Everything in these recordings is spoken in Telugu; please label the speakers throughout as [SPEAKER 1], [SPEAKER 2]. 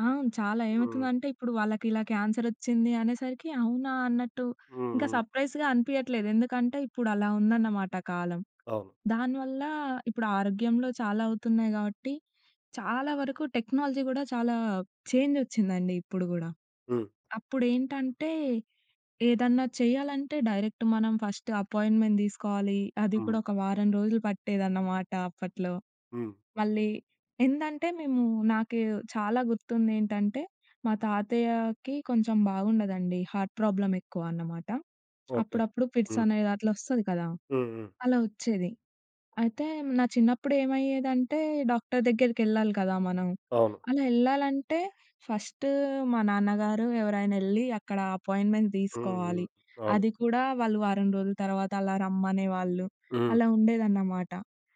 [SPEAKER 1] ఆ! చాలా.
[SPEAKER 2] హ్మ్.
[SPEAKER 1] ఏమయితుందంటే, ఇప్పుడు వాళ్ళకిలా క్యాన్సరొచ్చింది అనేసరికి, అవునా! అన్నట్టు
[SPEAKER 2] హ్మ్,
[SPEAKER 1] ఇంక
[SPEAKER 2] హ్మ్.
[SPEAKER 1] సర్ప్రైజ్‌గా అనిపియట్లేదు. ఎందుకంటే, ఇప్పుడలా ఉందనమాట కాలం.
[SPEAKER 2] అవును.
[SPEAKER 1] దాని వల్లా ఇప్పుడు ఆరోగ్యంలో చాలా అవుతున్నాయి గాబట్టి, చాలా వరకు టెక్నాలజీ గూడా, చాలా చేంజొచ్చిందండి ఇప్పుడు గూడా.
[SPEAKER 2] హ్మ్.
[SPEAKER 1] అప్పుడేంటంటే, ఏదన్నా చెయ్యాలంటే డైరెక్ట్ మనం ఫస్ట్ అపాయింట్‌మెంట్ దీసుకోవాలి. అది
[SPEAKER 2] హ్మ్.
[SPEAKER 1] కూడా ఒక వారం రోజులు పట్టేదన్నమాట అప్పట్లో.
[SPEAKER 2] హ్మ్.
[SPEAKER 1] మళ్ళీ ఏందంటే, మేము నాకు చాలా గుర్తుందేంటంటే, మా తాతయ్యాకి కొంచం బాగుండదండి, హార్ట్ ప్రాబ్లమెక్కువ అన్నమాట.
[SPEAKER 2] ఓకే.
[SPEAKER 1] అప్పుడప్పుడు
[SPEAKER 2] హ్మ్.
[SPEAKER 1] ఫిట్సనేది అట్లొస్తది కదా!
[SPEAKER 2] హ్మ్. హ్మ్.
[SPEAKER 1] అలా ఒచ్చేది. అయితే, నా చిన్నప్పుడేమయ్యేదంటే, డాక్టర్ దగ్గరికెళ్ళాలి కదా మనం.
[SPEAKER 2] అవును.
[SPEAKER 1] అలా యెళ్ళాలంటే, ఫస్ట్ మా నాన్నగారు ఎవరైనెళ్లి, అక్కడ అపాయింట్‌మెంట్
[SPEAKER 2] హ్మ్. హ్మ్.
[SPEAKER 1] తీసుకోవాలి.
[SPEAKER 2] అవును.
[SPEAKER 1] అది కూడా వాళ్ళు వారం రోజుల తర్వాత అలా రమ్మనేవాళ్ళు.
[SPEAKER 2] హ్మ్.
[SPEAKER 1] అలా ఉండేదన్నమాట.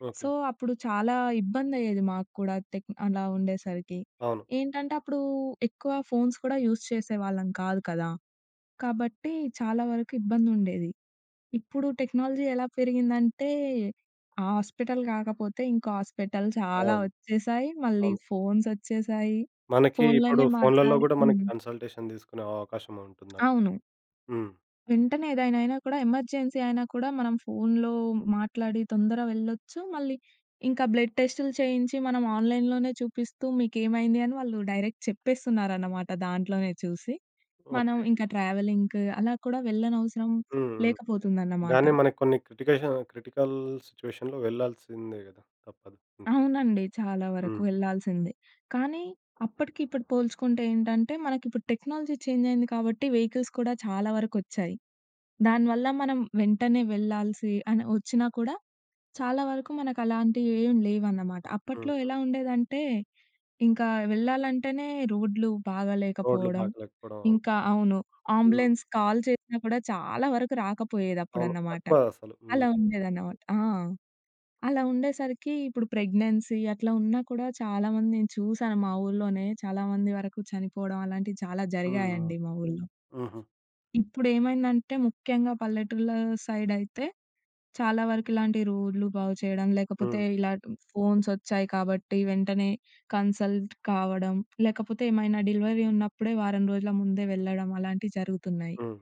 [SPEAKER 2] ఓకే.
[SPEAKER 1] సో, అప్పుడు చాలా ఇబ్బందయ్యేది మాకు కూడా తెక్ అలా ఉండేసరికి.
[SPEAKER 2] అవును.
[SPEAKER 1] ఏంటంటే, అప్పుడూ ఎక్కువ ఫోన్స్ కూడా యూస్ చేసేవాళ్ళం కాదు కదా! కాబట్టి, చాలా వరకు ఇబ్బందుండేది. ఇప్పుడు టెక్నాలజీ ఎలా పెరిగిందంటే, ఆ హాస్పిటల్ కాకపోతే ఇంకో హాస్పిటల్, చాలా
[SPEAKER 2] అవును.
[SPEAKER 1] ఒచ్చేశాయి. మళ్ళీ
[SPEAKER 2] అవును.
[SPEAKER 1] ఫోన్సొచ్చేశాయి.
[SPEAKER 2] మనకి ఇప్పుడు
[SPEAKER 1] ఫోన్‌లోనే
[SPEAKER 2] ఫోన్‌లలో
[SPEAKER 1] మాట్లాడి
[SPEAKER 2] గూడా మనకి
[SPEAKER 1] హ్మ్.
[SPEAKER 2] కన్సల్టేషన్ తీసుకునే అవకాశముంటుందండి.
[SPEAKER 1] అవును.
[SPEAKER 2] హ్మ్.
[SPEAKER 1] వెంటనే ఏదైనా అయినా కూడా, ఎమర్జెన్సీ అయినా కూడా, మనం ఫోన్‌లో మాట్లాడి తొందర వెళ్ళొచ్చు. మళ్ళీ ఇంకా బ్లడ్ టెస్టులు చేయించి, మనం ఆన్‌లైన్‌లోనే చూపిస్తూ, మీకేమైంది అని వాళ్ళు డైరెక్ట్ చెప్పేస్తున్నారనమాట దాంట్లోనే చూసి. మనం
[SPEAKER 2] ఓకే.
[SPEAKER 1] ఇంక ట్రావెలింగ్‌కు, అలా కూడా వెళ్ళనవసరం
[SPEAKER 2] హ్మ్. హ్మ్.
[SPEAKER 1] లేకపోతుందన్నమాట
[SPEAKER 2] గానీ మనకి కొన్ని క్రిటికేషన్ క్రిటికల్ సిచ్యువేషన్‌లో వెళ్ళాల్సిందే గదా! తప్పదు ఇంక.
[SPEAKER 1] అవునండి. చాలా వరకు
[SPEAKER 2] హ్మ్.
[SPEAKER 1] వెళ్ళాల్సిందే. కానీ, అప్పటికి ఇప్పుడు పోల్చుకుంటే ఏంటంటే, మనకిప్పుడు టెక్నాలజీ చేంజయింది కాబట్టి, వెహికల్స్ కూడా చాలా వరకొచ్చాయి. దాని వల్ల మనం వెంటనే వెళ్ళాల్సి అని ఒచ్చినా కూడా చాలా వరకు మనకలాంటియేం లేవన్నమాట.
[SPEAKER 2] హ్మ్.
[SPEAKER 1] అప్పట్లో
[SPEAKER 2] హ్మ్.
[SPEAKER 1] ఎలా ఉండేదంటే, ఇంకా వెళ్ళాలంటేనే రోడ్లు
[SPEAKER 2] రోడ్లు
[SPEAKER 1] బాగాలేకపోవడం.
[SPEAKER 2] బాగా లేకపోడం. అవును.
[SPEAKER 1] ఇంకా అవును.
[SPEAKER 2] హ్మ్.
[SPEAKER 1] ఆంబులెన్స్‌కు కాల్ చేసినా కూడా, చాలా వరకు
[SPEAKER 2] అవును.
[SPEAKER 1] రాకపోయేదప్పుడన్నమాట.
[SPEAKER 2] తక్కువ అసలు. హ్మ్.
[SPEAKER 1] అలా ఉండేదన్నమాట. ఆ! అలా ఉండేసరికి ఇప్పుడు ప్రెగ్నెన్సీ అట్లా ఉన్నా కూడా, చాలామంది నేను చూసాను మా ఊళ్ళోనే, చాలామంది వరకు చనిపోడం అలాంటియి చాలా
[SPEAKER 2] హ్మ్. హ్మ్.
[SPEAKER 1] జరిగాయండి మా ఊళ్ళో.
[SPEAKER 2] హుహు.
[SPEAKER 1] ఇప్పుడేమైందంటే, ముఖ్యంగా పల్లెటూర్ల సైడయితే, చాలా వరకు ఇలాంటి రోడ్లు బాగుచెయడం,
[SPEAKER 2] హ్మ్,
[SPEAKER 1] లేకపోతే
[SPEAKER 2] హ్మ్.
[SPEAKER 1] ఇలా ట్ ఫోన్సొచ్చాయి కాబట్టి, వెంటనే కన్సల్ట్ కావడం, లేకపోతే ఏమైనా డెలివరీ ఉన్నప్పుడే వారం రోజుల ముందే వెళ్ళడం అలాంటియి జరుగుతున్నాయి
[SPEAKER 2] హ్మ్.